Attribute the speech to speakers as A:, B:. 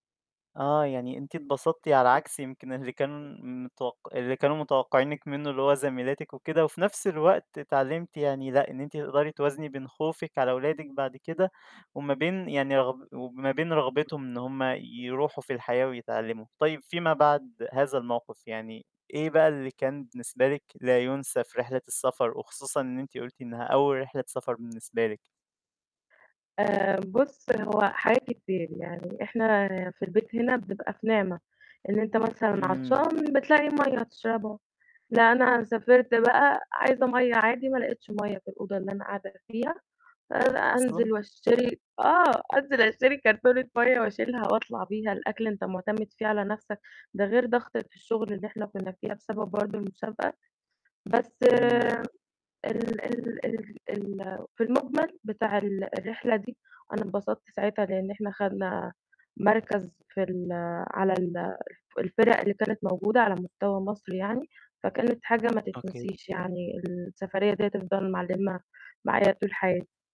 A: آه يعني أنتِ اتبسطتِ على عكس يمكن اللي كانوا متوقع اللي كانوا متوقعينِك منه، اللي هو زميلاتِك وكده. وفي نفس الوقت اتعلمتِ يعني لأ، إن أنتِ تقدري توازني بين خوفِك على ولادِك بعد كده وما بين يعني رغب وما بين رغبتهم إن هم يروحوا في الحياة ويتعلموا. طيب فيما بعد هذا الموقف يعني، إيه بقى اللي كان بالنسبة لِك لا يُنسي في رحلة السفر؟ وخصوصًا إن أنتِ قُلتِ إنها أول رحلة سفر بالنسبة لِك.
B: آآ، بُص هو حاجات كتير يعني إحنا في البيت هنا بنبقى في نعمة، إن أنت مثلًا
A: إمم.
B: عطشان بتلاقي مَيّة تشربها لأ، أنا سافرت بقى عايزة مَيّة عادي ما لقيتش مَيّة في الأوضة اللي أنا قاعدة فيها، آآ،
A: أصلًا؟
B: أنزل واشتري آه أنزل اشتري كرتونة مَيّة وأشيلها وأطلع بيها، الأكل أنت معتمد فيه على نفسك ده غير ضغطة الشغل اللي إحنا كنا فيها بسبب برضه المسابقة. بس
A: إمم.
B: ال ال ال ال في المجمل بتاع ال الرحلة دي، أنا انبسطت ساعتها لأن إحنا خدنا مركز في ال على ال الفِرَق اللي كانت موجودة على مستوى مصر يعني. فكانت حاجة ما
A: أوكي.
B: تتنسيش يعني السفرية دي هتفضل معلمة معايا طول حياتي.